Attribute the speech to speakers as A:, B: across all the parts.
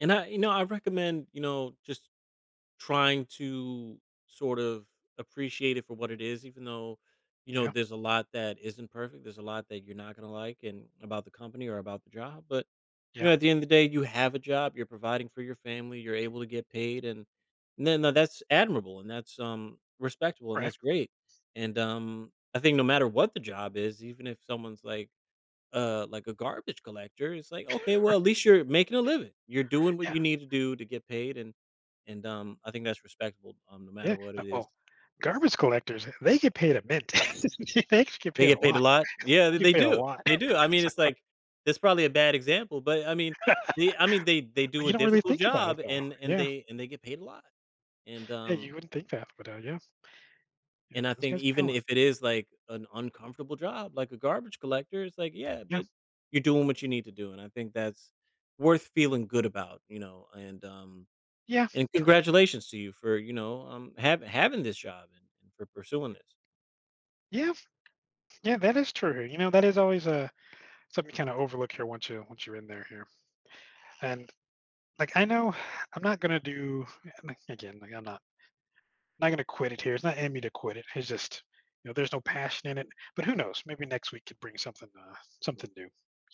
A: And I you know, I recommend, you know, just trying to sort of appreciate it for what it is, even though, you know,
B: Yep.
A: there's a lot that isn't perfect, there's a lot that you're not gonna like and about the company or about the job, but, you
B: Yeah.
A: know, at the end of the day, you have a job, you're providing for your family, you're able to get paid and the no that's admirable and that's, um, respectable and
B: Right.
A: that's great. And, um, I think no matter what the job is, even if someone's like uh, like a garbage collector, it's like, "Okay,
B: Right.
A: well, at least you're making a living. You're doing what
B: Yeah.
A: you need to do to get paid," and and, um, I think that's respectable, um, no matter
B: Yeah,
A: what
B: uh,
A: it is.
B: well, garbage collectors, they get paid a mint. They actually get
A: They
B: paid a
A: get paid a
B: lot.
A: lot? Yeah,
B: They
A: th
B: get
A: they
B: paid a
A: do.
B: lot.
A: They do, I mean, it's like it's probably a bad example, but, I mean, they I mean, they they
B: But
A: do
B: you
A: a
B: don't really
A: difficult
B: think about it
A: job
B: though,
A: and and
B: yeah.
A: they and they get paid a lot. And
B: Yeah,
A: um
B: you wouldn't think that, but, uh, yeah. Yeah,
A: and I
B: those
A: think
B: guys pay
A: even
B: well.
A: if it is like an uncomfortable job, like a garbage collector, it's like, "Yeah,
B: Yeah.
A: but you're doing what you need to do," and I think that's worth feeling good about, you know, and, um
B: Yeah,
A: and
B: true.
A: congratulations to you for, you know, um, hav having this job and and for pursuing this.
B: Yeah. Yeah, that is true, you know, that is always, uh, something you kinda overlook here once you once you're in there here. And, like, I know I'm not gonna do like, again, like, I'm not I'm not gonna quit it here, it's not in me to quit it, it's just, you know, there's no passion in it, but who knows, maybe next week could bring something, uh something new,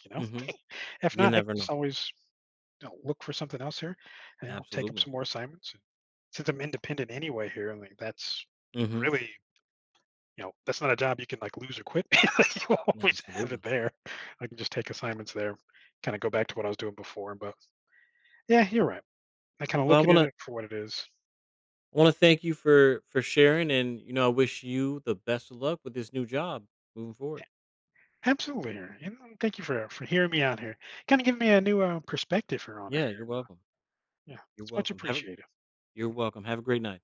B: you know?
A: Mhm.
B: If
A: You
B: not, I
A: never
B: can
A: know.
B: just always, you know, look for something else here, and I'll take up
A: Absolutely.
B: some more assignments since I'm independent anyway here, I mean that's
A: Mhm.
B: really You know, that's not a job you can like lose or quit. You
A: Yeah,
B: always have
A: absolutely.
B: it there. I can just take assignments there, kinda go back to what I was doing before, but yeah, you're right. I kinda
A: Well, I
B: looking at
A: wanna
B: it for what it is.
A: I wanna thank you for for sharing and, you know, I wish you the best of luck with this new job moving
B: A
A: forward.
B: Absolutely here and, um, thank you for, uh for hearing me out here. Kinda giving me a new, uh, perspective here on it
A: Yeah,
B: here,
A: you're
B: you know?
A: welcome.
B: Yeah,
A: You're
B: it's much
A: welcome, have a
B: appreciated.
A: you're
B: M
A: welcome, have a great night.